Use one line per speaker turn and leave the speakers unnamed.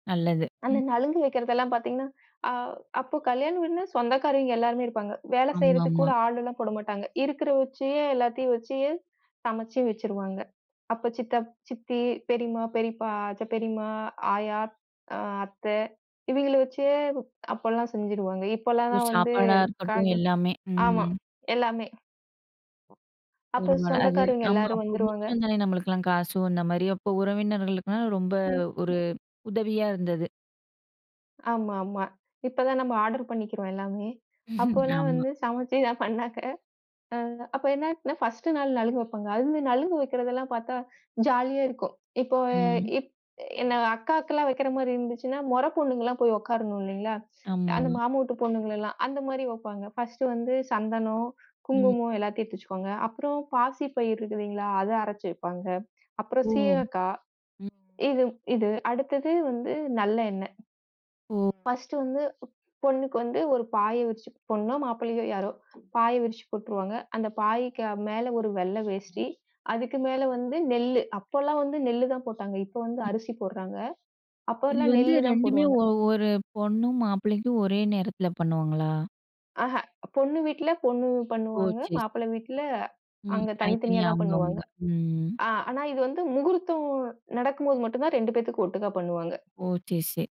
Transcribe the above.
நல்லது,
அந்த
ம்.
நலுங்கு வைக்கிறது எல்லாம் பார்த்தீங்கன்னா, அ அப்போ கல்யாண வீடுன்னா சொந்தக்காரவிங்க எல்லாருமே இருப்பாங்க. வேலை செய்யறதுக்கு கூட
ஆமாம்மா.
ஆள் எல்லாம் போடமாட்டாங்க. இருக்கிற வச்சே எல்லாத்தையும் வச்சே சமைச்சு வச்சிருவாங்க. அப்போ சித்தப் சித்தி, பெரியம்மா, பெரியப்பா, அத்த பெரியம்மா, ஆயா அ அத்தே இவிங்கள வச்சே அப்பல்லாம் செஞ்சிருவாங்க. இப்போல்லாம்
ஒ!
தான் வந்து
சாப்பாடா இருக்கட்டும்
கட
எல்லாமே
ஆமா.
ம்.
எல்லாமே. அப்போ
[unintelligible]
சொந்தக்காரங்க
ஆமா.
எல்லாரும்
அப்ப
வந்துருவாங்க.
முடிச்சு வந்தாலே நம்மளுக்கெல்லாம் காசு வந்த மாதிரி அப்போ உறவினர்களுக்கு ரொம்ப
ம், ம்.
ஒரு உதவியா இருந்தது.
ஆமா, ஆமா. இப்பதான் நம்ம ஆர்டர் பண்ணிக்கிறோம் எல்லாமே. அப்பல்லாம்
ஆமா.
வந்து சமைச்சுதான் பண்ணாங்க. அ அப்ப என்னா ஆச்சுன்னா ஃபர்ஸ்ட் நாள் நலுங்கு வைப்பாங்க. அதுலந்து நலுங்கு வைக்கிறது எல்லாம் பார்த்தா ஜாலியா இருக்கும். இப்போ
ம்.
இப் என்ன அக்காக்கெல்லாம் வைக்கிற மாதிரி இருந்துச்சுன்னா மொறப் பொண்ணுங்க எல்லாம் போய் உட்காரணும் இல்லைங்களா,
ஆமா.
அந்த மாமா ஊட்டுப் பொண்ணுங்களல்லாம். அந்த மாதிரி வைப்பாங்க. ஃபர்ஸ்ட் வந்து சந்தனம்,
ம்.
குங்குமம் எல்லாத்தையும் எடுத்து வச்சுக்வாங்க. அப்புறம் பாசிப்பயிர் இருக்கு இல்லீங்களா, அதை அரைச்சு வைப்பாங்க. அப்புறம்
ஓ!
சீயக்காய்
ம்.
இது இது. அடுத்தது வந்து நல்ல எண்ணெ.
ஓ.
ஃபர்ஸ்ட் வந்து பொண்ணுக்கு வந்து ஒரு பாய விரிச்சு, பொண்ணோ, மாப்பிள்ளையோ யாரோ பாய விரிச்சு போட்டுருவாங்க. அந்தப் பாயக்கு மேல ஒரு வெள்ளை வேஷ்டி. அதுக்கு மேல வந்து நெல்லு. அப்பல்லாம் வந்து நெல்லு தான் போட்டாங்க. இப்போ வந்து
ம்.
அரிசி போட்றாங்க.
இது
அப்பலாம்
வந்து
நெல்லு தான்
2மே
போடுவாங்க.
ஒ 1 பொண்ணு மாப்பிள்ளைக்கும் ஒரே நேரத்துல பண்ணுவாங்களா?
ஆஹ. பொண்ணு வீட்ல பொண்ணு
ஓ!
பண்ணுவாங்க.
சேரி, சேரி.
மாப்பிள்ளை வீட்ல
ம்,
அங்க தனித்தனியா
தனித்தனியா
தான்
அவுங்க
பண்ணுவாங்க.
அவுங்க, ம்.
அ ஆனா இது வந்து முகூர்த்தம் நடக்கும்போது மட்டும் தான் 2 பேத்துக்கும் ஒட்டுக்கா பண்ணுவாங்க.
ஓ! சேரி, சேரி.